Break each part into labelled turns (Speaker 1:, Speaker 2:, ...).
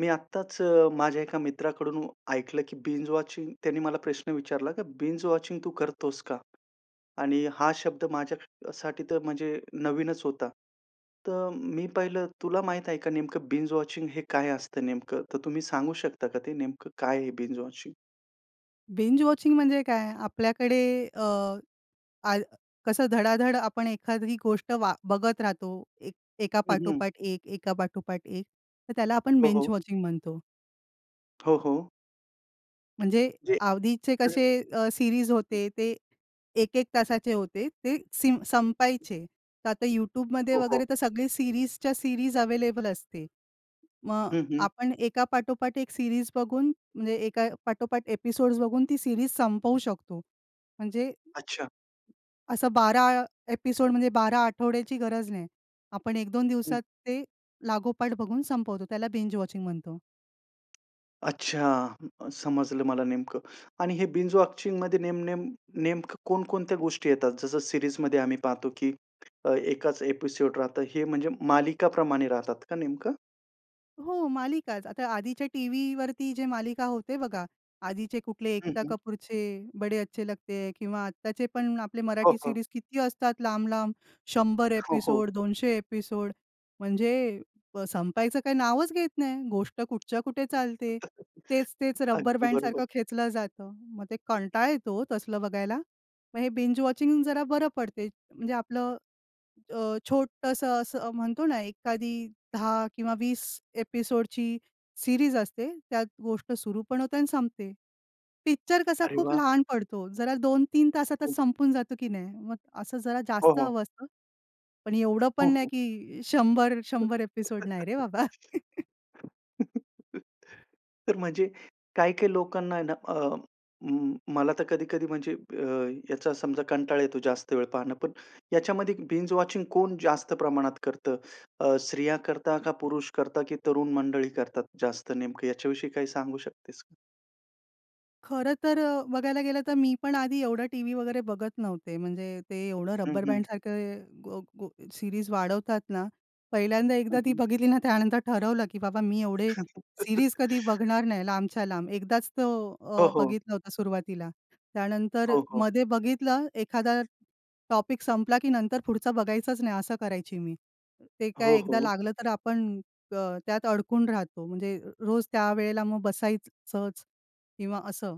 Speaker 1: मी आत्ताच अ, माझ्या एका मित्राकडून ऐकलं, की बिंज वॉचिंग त्यांनी मला प्रश्न विचारला, की "बिंज वॉचिंग तू करतोस का?" आणि हा शब्द माझ्यासाठी तर म्हणजे नवीनच होता. तर मी पहिलं तुला माहीत आहे का नेमकं बिंज वॉचिंग हे काय असतं नेमकं? तर तुम्ही सांगू शकता का ते नेमकं काय आहे बिंज वॉचिंग?
Speaker 2: बिंज वॉचिंग म्हणजे काय? आपल्याकडे अ, आ कसं धडाधड आपण एखादी गोष्ट वा बघत राहतो, एक एका
Speaker 1: हं, हं.
Speaker 2: पाठोपाठ एक, एका पाठोपाठ एक. तर त्याला आपण
Speaker 1: हो,
Speaker 2: बिंज
Speaker 1: हो.
Speaker 2: वॉचिंग म्हणतो.
Speaker 1: हो, हो.
Speaker 2: म्हणजे
Speaker 1: जे
Speaker 2: आधीचे
Speaker 1: [unintelligible]
Speaker 2: कसे अ, सीरीज
Speaker 1: हं.
Speaker 2: होते, ते 1:00-1:00 तासाचे होते, ते सिम संपायचे. तर आता YouTubeमध्ये
Speaker 1: हो, हो.
Speaker 2: वगैरे तर सगळी सीरीजच्या सीरीज अव्हेलेबल असते. मग
Speaker 1: हं, हं.
Speaker 2: आपण एका पाठोपाठ एक सीरीज बघून म्हणजे एका पाठोपाठ एपिसोड्स बघून ती सीरीज संपवू शकतो. म्हणजे
Speaker 1: अच्छा.
Speaker 2: असं 12 एपिसोड म्हणजे 12 आठवड्याची गरज नाही. आपण 1-2
Speaker 1: हं.
Speaker 2: दिवसात ते लागोपाठ बघून संपवतो. त्याला बिंज वॉचिंग म्हणतो.
Speaker 1: अच्छा अं, समजलं मला नेमकं. आणि हे बिंज वॉचिंगमध्ये नेम नेम, नेमकं कोणकोणत्या गोष्टी येतात. जसं सिरीजमध्ये आम्ही पाहतो की अ, एकाच एपिसोड राहतं. हे म्हणजे मालिकाप्रमाणे राहतात का नेमकं?
Speaker 2: हो मालिकाच. आता आधीच्या टीव्ही वरती जे मालिका होते बघा, आधीचे कुठले,
Speaker 1: हं,
Speaker 2: एकता
Speaker 1: हं.
Speaker 2: कपूरचे 'बडे अच्छे लगते हैं', किंवा आत्ताचे पण आपले
Speaker 1: हो,
Speaker 2: मराठी
Speaker 1: हो.
Speaker 2: सीरीज किती असतात, लांब-लांब. 100
Speaker 1: हो, हो.
Speaker 2: एपिसोड, 200 एपिसोड, म्हणजे अ, संपायचं काही नावच घेत नाही. गोष्ट कुठच्या कुठे चालते. तेच-तेच रब्बर
Speaker 1: अगदी बरोबर.
Speaker 2: बँडसारखं खेचलं जातं. मग ते कंटाळा येतो ओ, तसलं बघायला. मग हे बिंज वॉचिंग जरा बरं पडते. म्हणजे आपलं अ, छोटंसं असं अ, म्हणतो ना, एखादी 10, किंवा 20 एपिसोडची सीरीज असते, त्यात गोष्ट सुरु पण होते, आणि संपते. पिक्चर कसा
Speaker 1: अरे
Speaker 2: खूप
Speaker 1: वाह!
Speaker 2: लहान पडतो, जरा 2-3 तासातच संपून जातं की नाही? मग असं जरा
Speaker 1: हो,
Speaker 2: जास्त
Speaker 1: हो.
Speaker 2: हवं असतं. पण एवढं
Speaker 1: हो,
Speaker 2: पण नाही,
Speaker 1: हो.
Speaker 2: की 100 100 एपिसोड नाही रे बाबा.
Speaker 1: तर म्हणजे, काही-काही लोकांना आहे ना, अ, अं, मला तर कधी-कधी म्हणजे ब्य, याचा समजा कंटाळा येतो जास्त वेळ पाहणं. पण याच्यामध्ये बिंज वॉचिंगमध्ये कोण जास्त प्रमाणात करतं? अ, स्त्रिया करता? का पुरुष करता? की तरुण मंडळी करतात जास्त, नेमकं याच्याविषयी काही सांगू शकतेस का?
Speaker 2: खरं तर बघायला गेलं तर मी पण आधी एवढं टीव्ही वगैरे बघत नव्हते. म्हणजे ते एवढं
Speaker 1: हं,
Speaker 2: रब्बर
Speaker 1: हं.
Speaker 2: बँडसारखं गो गो सीरीज वाढवतात ना. पहिल्यांदा
Speaker 1: हं,
Speaker 2: एकदा ती
Speaker 1: हं.
Speaker 2: बघितली ना त्यानंतर ठरवलं, की बाबा मी एवढे सीरीज कधी बघणार नाही, लांबच्या लांब. एकदाच तो
Speaker 1: हो,
Speaker 2: अ,
Speaker 1: हो.
Speaker 2: बघितलं होतं सुरुवातीला. त्यानंतर
Speaker 1: हो, हो.
Speaker 2: मध्ये बघितलं एखादा टॉपिक संपला की नंतर पुढचा बघायचाच नाही, असं करायची मी. ते
Speaker 1: हो,
Speaker 2: काय एकदा
Speaker 1: हो.
Speaker 2: लागलं तर आपण, अ, त्यात अडकून राहतो. म्हणजे र रोज त्यावेळेला मग बसायचंच किंवा असं.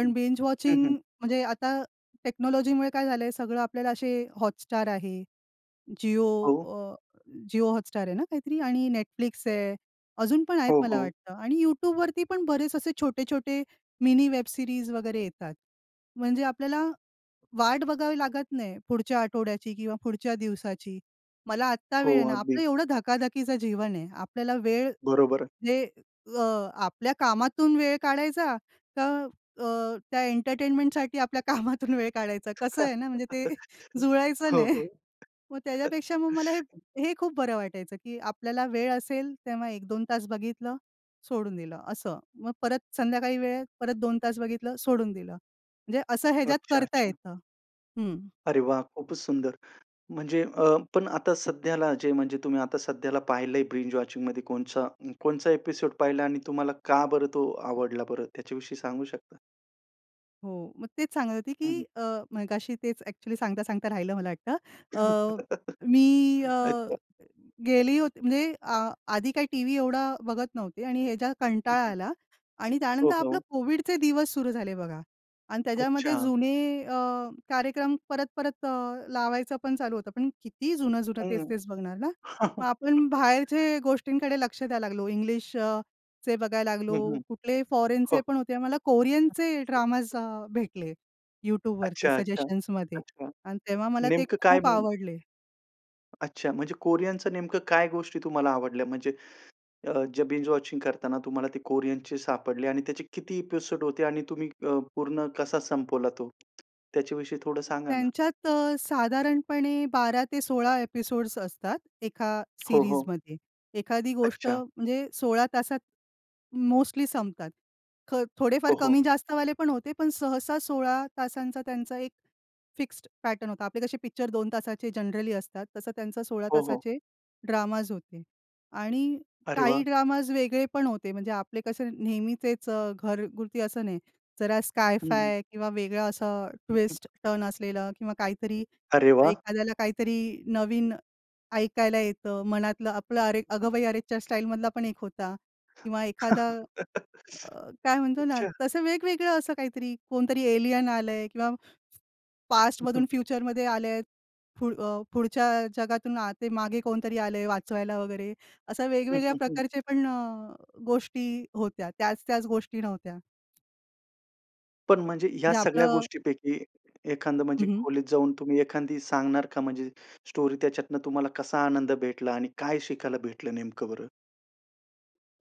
Speaker 1: हं,
Speaker 2: बींज
Speaker 1: हं,
Speaker 2: वॉचिंग
Speaker 1: हं.
Speaker 2: म्हणजे आता टेक्नॉलॉजीमुळे काय झालं सगळं आपल्याला असे, हॉटस्टार आहे, जिओ
Speaker 1: हो.
Speaker 2: अ, जिओ हॉटस्टार आहे ना काहीतरी? आणि Netflix आहे, अजून पण आहेत
Speaker 1: हो,
Speaker 2: मला
Speaker 1: हो.
Speaker 2: वाटतं आणि YouTubeवरती पण बरेच असे छोटे-छोटे मिनी वेब सीरीज वगैरे येतात. म्हणजे आपल्याला वाट बघावी लागत नाही, पुढच्या आठवड्याची किंवा पुढच्या दिवसाची. मला आत्ता
Speaker 1: हो,
Speaker 2: वेळ आहे ना, आपलं
Speaker 1: अगदी.
Speaker 2: एवढं धकाधकीचं जीवन आहे. आपल्याला वेळ
Speaker 1: बरोबर.
Speaker 2: जे अ, आपल्या कामातून वेळ काढायचा, का अ, त्या एंटरटेनमेंटसाठी आपल्या कामातून वेळ काढायचा. कसं आहे ना म्हणजे ते जुळायचं
Speaker 1: हो,
Speaker 2: नाही.
Speaker 1: हो.
Speaker 2: मग त्याच्यापेक्षा मग मला हे हे खूप बरं वाटायचं, की आपल्याला वेळ असेल तेव्हा 1-2 तास बघितलं सोडून दिलं असं. मग परत संध्याकाळी वेळ परत 2 तास बघितलं सोडून दिलं. म्हणजे असं ह्याच्यात करता
Speaker 1: अच्छा-अच्छा.
Speaker 2: येतं. हं.
Speaker 1: अरे वाह! खूपच सुंदर. म्हणजे अ, पण आता सध्याला जे म्हणजे तुम्ही आता सध्याला पाहिलंय बिंज वॉचिंगमध्ये कोणचा कोणचा एपिसोड्स पहिला आणि तुम्हाला का बरं तो आवडला बरं त्याच्याविषयी सांगू शकता?
Speaker 2: हो, मग तेच सांगत होती,
Speaker 1: हं,
Speaker 2: की
Speaker 1: हं.
Speaker 2: अ, मगाशी तेच ॲक्चुअली सांगता सांगता राहिलं, मला वाटतं. अ,
Speaker 1: हं,
Speaker 2: मी अ
Speaker 1: अच्छा.
Speaker 2: गेली होती. म्हणजे आ आधी काही टीव्ही एवढा बघत नव्हते. आणि ह्या ज्या कंटाळा आला आणि
Speaker 1: हो,
Speaker 2: त्यानंतर आपलं
Speaker 1: हो.
Speaker 2: कोविडचे दिवस सुरू झाले, बघा. आणि त्याच्यामध्ये
Speaker 1: अच्छा.
Speaker 2: जुने अ, कार्यक्रम परत-परत अ, लावायचं पण चालू होतं. पण किती जुनं-जुनं,
Speaker 1: हम्म.
Speaker 2: तेच-तेच बघणार ना. मग आपण बाहेरच्या गोष्टींकडे लक्ष द्यायला लागलो. इंग्लिश अ, चे बघायला लागलो.
Speaker 1: हं, हं.
Speaker 2: कुठले फॉरेनचे
Speaker 1: हो.
Speaker 2: पण होते. मला कोरियनचे ड्रामाज अ, भेटले YouTubeवरती
Speaker 1: अच्छा, अच्छा,
Speaker 2: सजेशन्समध्ये.
Speaker 1: अच्छा.
Speaker 2: आणि तेव्हा मला ते
Speaker 1: नेमकं काय,
Speaker 2: खूप
Speaker 1: मग?
Speaker 2: आवडले.
Speaker 1: अच्छा, म्हणजे कोरियनच्या नेमकं काय गोष्टी तुम्हाला आवडल्या? म्हणजे अ, जे बिंज-वॉचिंग करताना तुम्हाला ते कोरियनचे सापडले. आणि त्याचे किती एपिसोड होते? आणि तुम्ही अ, पूर्ण कसा संपवला तो? त्याच्याविषयी थोडं सांगा ना.
Speaker 2: त्यांच्यात अ, साधारणपणे 12-16 एपिसोड्स असतात, एका
Speaker 1: हो, हो.
Speaker 2: सीरीजमध्ये. एखादी गोष्ट
Speaker 1: अच्छा.
Speaker 2: म्हणजे 16 तासात मोस्टली संपतात. ख,
Speaker 1: हो,
Speaker 2: थोडेफार
Speaker 1: हो.
Speaker 2: कमी जास्तवाले पण होते. पण सहसा 16 तासांचा त्यांचा एक फिक्स्ड पॅटर्न होता. आपले कसे पिक्चर 2 तासाचे जनरली असतात, तसं त्यांचा 16
Speaker 1: हो, हो.
Speaker 2: तासाचे ड्रामाझ होते. आणि
Speaker 1: अरे वा!
Speaker 2: काही ड्रामाझ वेगळे पण होते. म्हणजे आपले कसं नेहमीचेच अ, घरगुती असं नाही. जरा
Speaker 1: हं, हं.
Speaker 2: SkyFi किंवा वेगळं असं ट्विस्ट टर्न असलेलं. किंवा काहीतरी,
Speaker 1: अरे वा!
Speaker 2: एखाद्याला काहीतरी नवीन ऐकायला येतं, मनातलं आपलं. अरे,
Speaker 1: हं.
Speaker 2: अगं बाई अरेच्चा! स्टाईलमधला पण एक होता. किंवा एखादा अ, काय म्हणतो ना,
Speaker 1: अच्छा.
Speaker 2: तसं वेगवेगळं असं काहीतरी. कोणतरी एलियन आलंय किंवा पास्टमधून फ्युचरमध्ये आले आहे. पुढ पुढच्या जगातून आ, ते मागे कोणतरी आलंय वाचवायला वगैरे, अशा
Speaker 1: हं,
Speaker 2: वेगवेगळ्या
Speaker 1: हं, हं.
Speaker 2: प्रकारचे पण अ, गोष्टी होत्या. त्याच-त्याच गोष्टी नव्हत्या.
Speaker 1: पण म्हणजे ह्या
Speaker 2: म्हणजे
Speaker 1: सगळ्या
Speaker 2: आपलं
Speaker 1: गोष्टींपैकी, एखादी
Speaker 2: हं,
Speaker 1: म्हणजे
Speaker 2: हं.
Speaker 1: खोलीत जाऊन, तुम्ही एखादी सांगणार का म्हणजे स्टोरी त्याच्यातून तुम्हाला कसा आनंद भेटला आणि काय शिकायला भेटलं नेमकं बरं?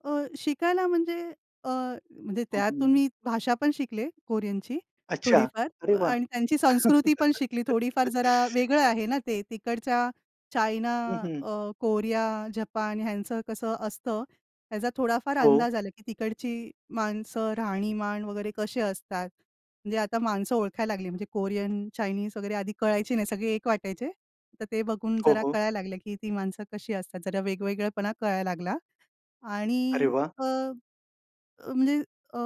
Speaker 2: अ, शिकायला म्हणजे अ, म्हणजे
Speaker 1: हं,
Speaker 2: त्यातून
Speaker 1: हं.
Speaker 2: मी भाषा पण शिकले, कोरियनची,
Speaker 1: अच्छा, अरे
Speaker 2: थोडीफार
Speaker 1: वाह!
Speaker 2: आणि त्यांची संस्कृती पण शिकली थोडीफार. जरा वेगळं आहे ना ते, तिकडच्या चायना,
Speaker 1: हं, हं.
Speaker 2: अ, कोरिया, जपान ह्यांचं कसं असतं, त्याचा थोडाफार
Speaker 1: हो.
Speaker 2: अंदाज आला, की तिकडची माणसं, राहणीमान वगैरे कसे असतात. म्हणजे आता माणसं ओळखायला लागली. म्हणजे कोरियन, चायनीज वगैरे. आधी कळायची नाही सगळे एक वाटायचे. तर ते बघून
Speaker 1: हो,
Speaker 2: जरा
Speaker 1: हो.
Speaker 2: कळायला लागले, की ती माणसं कशी असतात. जरा वेगवेगळेपणा कळायला लागला
Speaker 1: अरे
Speaker 2: आणि
Speaker 1: वाह!
Speaker 2: अ, अ, म्हणजे अ,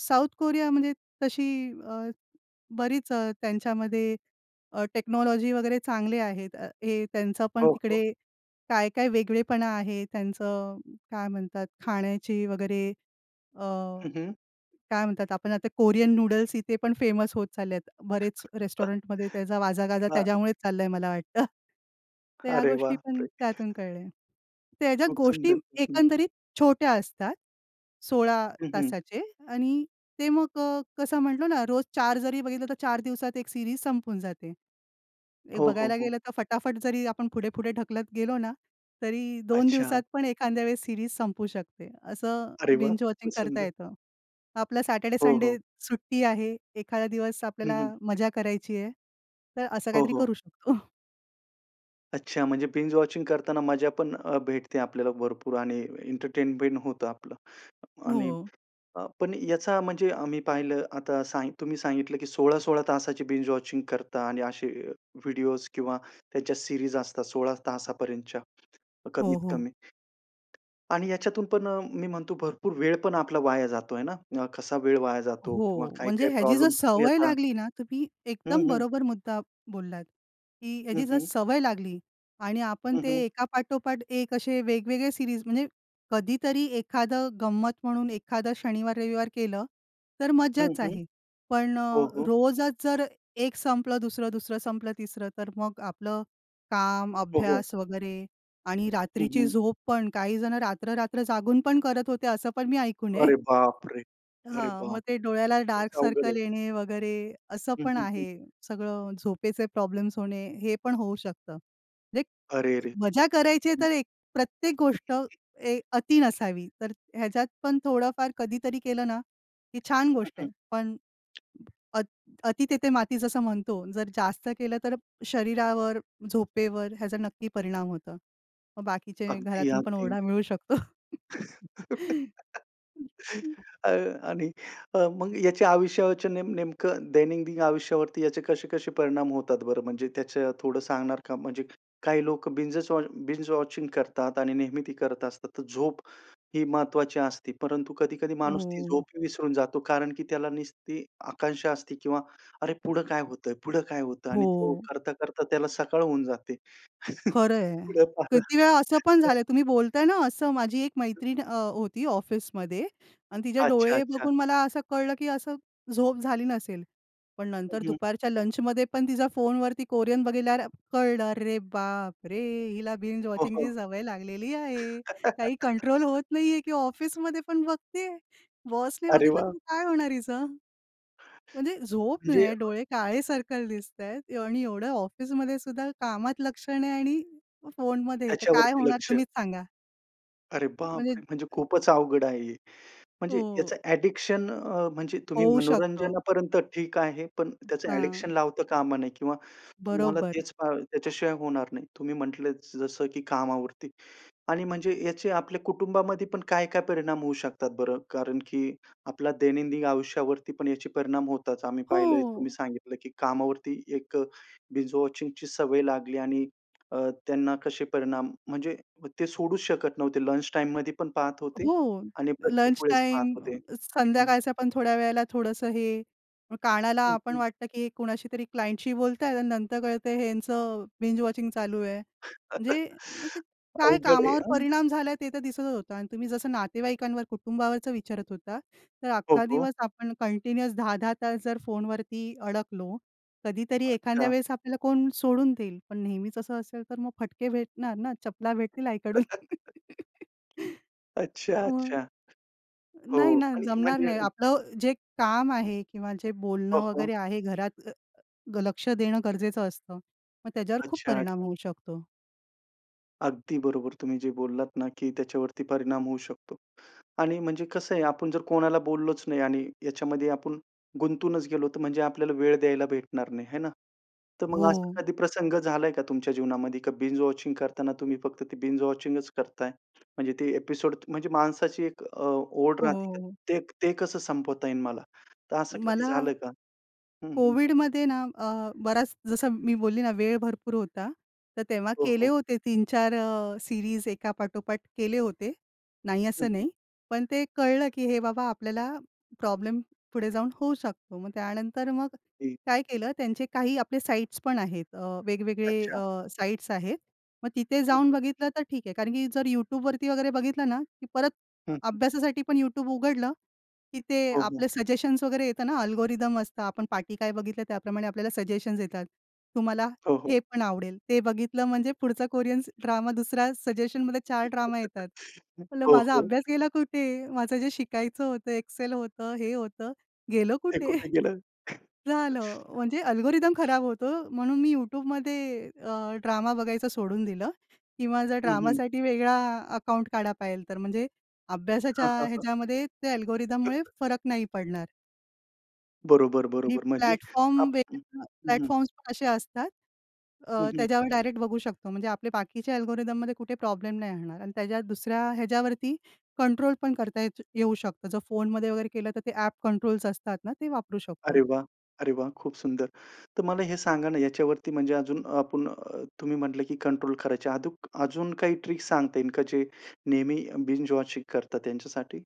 Speaker 2: साऊथ कोरिया म्हणजे तशी अ, बरीच अ, त्यांच्यामध्ये अ, टेक्नॉलॉजी वगैरे चांगले आहेत. अ, हे त्यांचं पण
Speaker 1: हो, हो.
Speaker 2: तिकडे काय-काय वेगळेपणा आहे. त्यांचं काय म्हणतात खाण्याची वगैरे अ,
Speaker 1: हं, हं.
Speaker 2: काय म्हणतात, आपण आता कोरियन नूडल्स इथे पण फेमस होत चालले आहेत. बरेच
Speaker 1: [unintelligible]
Speaker 2: रेस्टॉरंटमध्ये त्याचा वाजा-गाजा
Speaker 1: हां.
Speaker 2: त्याच्यामुळेच चालला आहे मला वाटतं. तर ह्या
Speaker 1: अरे वाह!
Speaker 2: गोष्टी पण
Speaker 1: प्रे
Speaker 2: त्यातून कळल्या. तर ह्याच्यात
Speaker 1: खूप
Speaker 2: गोष्टी
Speaker 1: सुंदर, खूप सुंदर.
Speaker 2: एकंदरीत छोट्या असतात. 16
Speaker 1: हं, हं.
Speaker 2: तासाचे आणि ते मग अ, कसं म्हटलो ना, रोज 4 जरी बघितलं, तर 4 दिवसात 1 सीरीज संपून जाते. एक
Speaker 1: हो, हो,
Speaker 2: बघायला
Speaker 1: हो.
Speaker 2: गेलं तर फटाफट जरी आपण पुढे-पुढे ढकलत गेलो ना, तरी 2
Speaker 1: अच्छा.
Speaker 2: दिवसात पण एखांद्या वेळेस सीरीज संपू शकते. असं
Speaker 1: अरे वाह!
Speaker 2: बिंज वॉचिंग
Speaker 1: खूपच
Speaker 2: करता
Speaker 1: सुंदर.
Speaker 2: येतं. आपलं
Speaker 1: हो,
Speaker 2: सॅटरडे-संडे
Speaker 1: हो.
Speaker 2: सुट्टी आहे. एखादा दिवस
Speaker 1: हं, हं.
Speaker 2: आपल्याला मजा करायची आहे, तर असं
Speaker 1: हो,
Speaker 2: काहीतरी
Speaker 1: हो.
Speaker 2: करू शकतो.
Speaker 1: अच्छा, म्हणजे बिंज-वॉचिंग करताना मजा पण अ, भेटते आपल्याला भरपूर आणि एंटरटेनमेंट होतं आपलं आणि
Speaker 2: हो.
Speaker 1: अ, पण याचा म्हणजे आम्ही पाहिलं आता सा तुम्ही सांगितलं, की 16-16 तासाची बिंज-वॉचिंग करता आणि असे अ, व्हिडिओज् किंवा त्याच्या सीरीज असतात 16 तासापर्यंतच्या
Speaker 2: हो, हो.
Speaker 1: कमीत-कमी आणि याच्यातून पण अ, मी म्हणतो भरपूर वेळ पण आपला वाया जातो आहे ना? कसा वेळ वाया जातो किंवा
Speaker 2: हो, म्हणजे
Speaker 1: काय-काय
Speaker 2: ह्याची जर
Speaker 1: प्रॉब्लेम्स
Speaker 2: सवय
Speaker 1: येतात?
Speaker 2: लागली ना तर ती
Speaker 1: हं,
Speaker 2: एकदम
Speaker 1: हं.
Speaker 2: बरोबर मुद्दा बोललात, की
Speaker 1: हं,
Speaker 2: ह्याची जर
Speaker 1: हं.
Speaker 2: सवय लागली आणि आपण
Speaker 1: हं,
Speaker 2: ते
Speaker 1: हं.
Speaker 2: एकापाठोपाठ एक असे वेगवेगळे सीरीज म्हणजे कधीतरी एखादं गंमत म्हणून एखादं शनिवार-रविवार केलं तर
Speaker 1: हं,
Speaker 2: मज्जाच
Speaker 1: हं.
Speaker 2: आहे. पण
Speaker 1: हो,
Speaker 2: अ,
Speaker 1: हो.
Speaker 2: रोजच जर एक संपलं दुसरं, दुसरं संपलं तिसरं. तर मग आपलं काम
Speaker 1: हो, हो.
Speaker 2: अभ्यास वगैरे आणि
Speaker 1: हं,
Speaker 2: रात्रीची
Speaker 1: हं.
Speaker 2: झोप पण काहीजणं रात्र-रात्र जागून पण करत होते असं पण मी ऐकून आहे.
Speaker 1: अरे बापरे! अरे
Speaker 2: हां, मग ते
Speaker 1: बापरे!
Speaker 2: डोळ्याला
Speaker 1: तेच
Speaker 2: डार्क
Speaker 1: अवघड
Speaker 2: सर्कल
Speaker 1: आहे.
Speaker 2: येणे वगैरे असं
Speaker 1: हं,
Speaker 2: पण
Speaker 1: हं, हं.
Speaker 2: आहे. सगळं झोपेचे प्रॉब्लेम्स होणे हे पण होऊ शकतं. एक
Speaker 1: अरे रे!
Speaker 2: मजा करायची आहे
Speaker 1: हं.
Speaker 2: तर एक प्रत्येक गोष्ट अ,
Speaker 1: हं.
Speaker 2: एक अति नसावी तर ह्याच्यात पण थोडंफार कधीतरी केलं ना, ही छान
Speaker 1: हं,
Speaker 2: गोष्ट आहे
Speaker 1: हं.
Speaker 2: पण अ अति तिथे माती जसं म्हणतो जर जास्त केलं तर शरीरावर, झोपेवर ह्याचा नक्की परिणाम होतो. मग बाकीचे घरातून पण
Speaker 1: अगदी-अगदी.
Speaker 2: ओरडा मिळू शकतो.
Speaker 1: अ, आणि अ, मग याच्या आयुष्यावरचे नेम नेमकं दैनंदिन आयुष्यावरती याचे कसे-कसे परिणाम होतात बरं? म्हणजे त्याचं थोडं सांगणार का? म्हणजे काही लोकं बिंजचं वॉ बिंज-वॉचिंग करतात आणि नेहमी ते करत असतात तर झोप ही महत्त्वाची असते परंतु कधी-कधी माणूस ती झोप
Speaker 2: हो.
Speaker 1: ही विसरून जातो कारण की त्याला नुसती आकांक्षा असते किंवा अरे पुढं काय होतंय? पुढं काय होतं? आणि तो
Speaker 2: हो.
Speaker 1: करता-करता त्याला सकाळ होऊन जाते.
Speaker 2: खरं आहे.
Speaker 1: पुढं पाहिलं
Speaker 2: किती वेळा असं पण
Speaker 1: [unintelligible]
Speaker 2: झालं, तुम्ही बोलताय ना असं माझी एक मैत्रीण अ, होती ऑफिसमध्ये अन् तिचे
Speaker 1: अच्छा,
Speaker 2: डोळे
Speaker 1: अच्छा.
Speaker 2: बघून मला असं कळलं, की असं झोप झाली नसेल. पण
Speaker 1: हं,
Speaker 2: नंतर
Speaker 1: हं.
Speaker 2: दुपारच्या लंचमध्ये पण तिचा फोनवरती कोरियन बघितल्यावर कळलं, अरे बापरे! हिला
Speaker 1: हो,
Speaker 2: बिंज-वॉचिंगची
Speaker 1: हो.
Speaker 2: सवय लागलेली आहे. काही कंट्रोल होत नाहीये की ऑफिसमध्ये पण बघतीये. बॉसने
Speaker 1: अरे
Speaker 2: बघितलं
Speaker 1: वा!
Speaker 2: की काय होणार हिचं? म्हणजे झोप
Speaker 1: म्हणजे
Speaker 2: नाही, डोळे काळे सर्कल
Speaker 1: [unintelligible]
Speaker 2: दिसतायत आणि एवढं ऑफिसमध्ये सुद्धा कामात लक्ष नाही आणि फोनमध्ये आहे तर काय
Speaker 1: त्याच्यावरती
Speaker 2: होणार?
Speaker 1: लक्ष.
Speaker 2: तुम्हीच सांगा.
Speaker 1: अरे
Speaker 2: म्हणजे
Speaker 1: बापरे! म्हणजे
Speaker 2: अ
Speaker 1: खूपच अवघड आहे हे. म्हणजे
Speaker 2: हो.
Speaker 1: याचं ॲडिक्शन अ, म्हणजे तुम्ही
Speaker 2: होऊ शकतं.
Speaker 1: मनोरंजनापर्यंत ठीक आहे. पण त्याचं ॲडिक्शन
Speaker 2: हां.
Speaker 1: लावता कामा नाही किंवा तुम्हाला
Speaker 2: बरोबर.
Speaker 1: तेच पाहिजेल, त्याच्याशिवाय होणार नाही. तुम्ही म्हंटलं जसं की कामावरती आणि म्हणजे याचे आपल्या कुटुंबामध्ये पण काय काय परिणाम होऊ शकतात बरं? कारण की आपल्याला दैनंदिन आयुष्यावरती पण याचे परिणाम होताच, आम्ही पाहिलंय. तुम्ही
Speaker 2: हो.
Speaker 1: सांगितलं की कामावरती एक बिंज वॉचिंगची सवय लागली आणि अ, त्यांना कशे परिणाम म्हणजे ते सोडूच शकत नव्हते. लंच टाईममध्ये पण पाहत होते.
Speaker 2: हो.
Speaker 1: आणि प्रत्येक
Speaker 2: लंच
Speaker 1: वेळेस पाहत
Speaker 2: टाईम,
Speaker 1: होते.
Speaker 2: अ,
Speaker 1: हं.
Speaker 2: संध्याकाळचा पण थोड्या वेळेला थोडंसं हे, कानाला
Speaker 1: हं,
Speaker 2: आपण
Speaker 1: हं.
Speaker 2: की हे कोणाशी तरी क्लायंटशी बोलताय आणि नंतर कळतं हेंच बिंज वॉचिंग चालू आहे. म्हणजे, मग ते काय
Speaker 1: अवघड आहे
Speaker 2: कामावर
Speaker 1: हां.
Speaker 2: परिणाम झाला आहे ते तर दिसतच होतं. आणि तुम्ही जसं नातेवाईकांवर, कुटुंबावरचं विचारत होता, तर
Speaker 1: हो,
Speaker 2: अख्खा
Speaker 1: हो.
Speaker 2: दिवस आपण कंटिन्युअस 10-10 तास जर फोनवरती अडकलो, कधीतरी एखांद्या
Speaker 1: अच्छा.
Speaker 2: वेळेस आपल्याला कोण सोडून देईल. पण नेहमीच असं असेल तर मग फटके भेटणार ना? चपला भेटतील आईकडून.
Speaker 1: अच्छा, अच्छा.
Speaker 2: [unintelligible] नाही
Speaker 1: हो.
Speaker 2: ना.
Speaker 1: आणि
Speaker 2: जमणार
Speaker 1: म्हणजे,
Speaker 2: नाही. आपलं जे काम आहे किंवा जे
Speaker 1: हो,
Speaker 2: बोलणं
Speaker 1: हो.
Speaker 2: वगैरे आहे घरात, ल लक्ष देणं गरजेचं असतं. मग त्याच्यावर खूप
Speaker 1: अच्छा,
Speaker 2: परिणाम
Speaker 1: अच्छा.
Speaker 2: होऊ शकतो.
Speaker 1: अगदी बरोबर. तुम्ही जे बोललात ना की त्याच्यावरती परिणाम होऊ शकतो आणि म्हणजे कसं आहे, आपण जर कोणाला बोललोच नाही आणि याच्यामध्ये आपण गुंतूनच गेलो, तर म्हणजे आपल्याला वेळ द्यायला भेटणार नाही, है ना? तर मग असा
Speaker 2: हो.
Speaker 1: कधी प्रसंग झालाय का तुमच्या जीवनामध्ये का बिंज वॉचिंग करताना तुम्ही फक्त ते बिंज वॉचिंग करताय? म्हणजे ते एपिसोड म्हणजे माणसाची एक अ, ओढ राहते का
Speaker 2: हो.
Speaker 1: ते ते कसं संपवता येईल मला? तर असं कधी
Speaker 2: मला
Speaker 1: झालंय का? हं, हं.
Speaker 2: कोविडमध्ये ना अ, बराच जसं मी बोलली ना, वेळ भरपूर होता तर तेव्हा
Speaker 1: हो,
Speaker 2: केले
Speaker 1: हो.
Speaker 2: होते 3-4 अ, सीरीज एका पाठोपाठ केले होते, नाही
Speaker 1: हं,
Speaker 2: असं
Speaker 1: हं.
Speaker 2: नाही. पण ते कळलं की "हे बाबा आपल्याला प्रॉब्लेम पुढे जाऊन होऊ शकतो." मग त्यानंतर मग
Speaker 1: एक
Speaker 2: काय केलं त्यांचे काही आपले अ, साइट्स पण आहेत वेगवेगळे
Speaker 1: अच्छा.
Speaker 2: अ, साइट्स आहेत. मग तिथे
Speaker 1: हं,
Speaker 2: जाऊन
Speaker 1: हं.
Speaker 2: बघितलं तर ठीक आहे. कारण की जर YouTube वरती वगैरे बघितलं ना, की परत
Speaker 1: हं, हं.
Speaker 2: अभ्यासासाठी पण YouTube उघडलं की ते
Speaker 1: हो, हो.
Speaker 2: आपलं सजेशन्स वगैरे येता ना, अल्गोरिदम असतात आपण पाठी काय बघितलं त्याप्रमाणे आपल्याला सजेशन्स येतात. तुम्हाला
Speaker 1: हो, हो.
Speaker 2: हे पण आवडेल, ते बघितलं म्हणजे पुढचा कोरियन ड्रामा दुसऱ्या सजेशनमध्ये 4 ड्रामा येतात. मला
Speaker 1: हो,
Speaker 2: माझा
Speaker 1: हो.
Speaker 2: अभ्यास गेला कुठे? माझं जे शिकायचं होतं, एक्सेल होतं, हे होतं गेलं
Speaker 1: हे
Speaker 2: कुठे?
Speaker 1: कुठे गेलं?
Speaker 2: झालं म्हणजे अल्गोरिदम खराब होतो म्हणून मी YouTube मध्ये अ, ड्रामा बघायचं सोडून दिलं. किंवा जर
Speaker 1: हं, हं.
Speaker 2: ड्रामासाठी वेगळा अकाउंट काढा पाहिजे तर. म्हणजे अभ्यासाच्या
Speaker 1: हां, हां, हां.
Speaker 2: ह्याच्यामध्ये त्या अल्गोरिथममुळे फरक नाही पडणार.
Speaker 1: बरोबर,
Speaker 2: आणि
Speaker 1: बरोबर. म्हणजे आप
Speaker 2: प्लॅटफॉर्म्स
Speaker 1: हं,
Speaker 2: [unintelligible]
Speaker 1: हं, हं.
Speaker 2: प्लॅटफॉर्म्स पण असे असतात
Speaker 1: हं,
Speaker 2: अ,
Speaker 1: हं.
Speaker 2: त्याच्यावर डायरेक्ट बघू शकतो म्हणजे आपले बाकीचे अल्गोरिथममध्ये कुठे प्रॉब्लेम नाही येणार आणि त्याच्या दुसऱ्या ह्याच्यावरती कंट्रोल पण करता येत येऊ शकतं. जर फोनमध्ये वगैरे केलं तर ते ऍप कंट्रोलस असतात ना ते वापरू
Speaker 1: अरे
Speaker 2: शकतो.
Speaker 1: वाह! अरे वाह! खूप सुंदर! तर मला हे सांगा ना, याच्यावरती म्हणजे अजून आपण अ, तुम्ही म्हंटलं की कंट्रोल करायची. अधूक अजून काही ट्रिक सांगता येईल का, जे नेहमी अ, बिंज-वॉचिंग करतात त्यांच्यासाठी?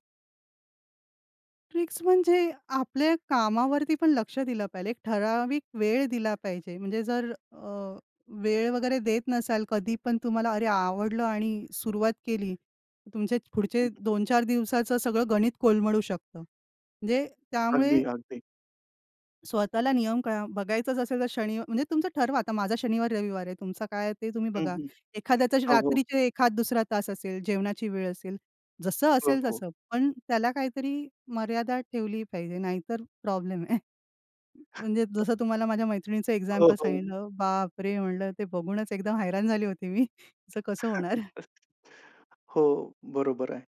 Speaker 2: ट्रिक्स म्हणजे आपल्या कामावरती पण लक्ष दिलं पाहिजे. एक ठराविक वेळ दिला पाहिजे, म्हणजे जर अ, वेळ वगैरे देत नसाल, कधीपण तुम्हाला अरे आवडलं आणि सुरुवात केली तर तुमचे पुढचे
Speaker 1: हं.
Speaker 2: 2-4 दिवसाचं सगळं गणित कोलमडू शकतं, म्हणजे त्यामुळे
Speaker 1: अगदी, अगदी.
Speaker 2: स्वतःला नियम काय अ, बघायचंच असेल तर शनिव म्हणजे तुमचं ठरवा. आता माझा शनिवार-रविवार आहे. तुमचा काय आहे ते तुम्ही
Speaker 1: हं,
Speaker 2: बघा.
Speaker 1: हं.
Speaker 2: एखाद्याचा ज
Speaker 1: हो, हो.
Speaker 2: रात्रीचे एखाद-दुसरा तास असेल, जेवणाची वेळ असेल. जसं
Speaker 1: हो,
Speaker 2: असेल
Speaker 1: हो.
Speaker 2: तसं. पण त्याला काहीतरी मर्यादा ठेवली पाहिजे, नाहीतर प्रॉब्लेम आहे. म्हणजे जसं तुम्हाला माझ्या मैत्रिणीचं
Speaker 1: हो,
Speaker 2: एक्झाम्पल
Speaker 1: हो.
Speaker 2: सांगितलं, बाप रे! म्हटलं ते बघूनच एकदम हैराण झाली होती मी. तीच कसं होणार.
Speaker 1: हो, बरोबर आहे.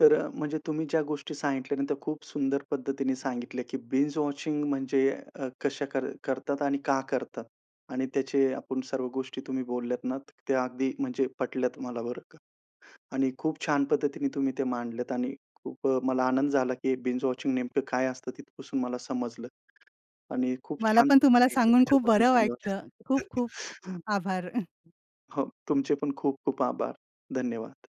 Speaker 1: तर अ, म्हणजे तुम्ही ज्या गोष्टी सांगितल्या ना, त्या खूप सुंदर पद्धतीने सांगितले, की बिंज-वॉचिंग म्हणजे अ, कशे कर करतात आणि का करतात? आणि त्याचे आपण सर्व गोष्टी तुम्ही बोलल्यात ना, तर त्या अगदी म्हणजे पटल्यात मला बरं का आणि खूप छान पद्धतीने तुम्ही ते मांडल्यात आणि खूप अ, मला आनंद झाला की बिंज-वॉचिंग नेमकं काय असतं तिथपासून मला समजलं आणि खूप
Speaker 2: मला
Speaker 1: छान
Speaker 2: पण
Speaker 1: तुम्ही
Speaker 2: तुम्हाला
Speaker 1: सांगितलं
Speaker 2: सांगून खूप
Speaker 1: त्याच्याबद्दल
Speaker 2: बरं वाटलं.
Speaker 1: धन्यवाद. [unintelligible]
Speaker 2: खूप-खूप आभार.
Speaker 1: हो, तुमचे पण खूप-खूप आभार. धन्यवाद.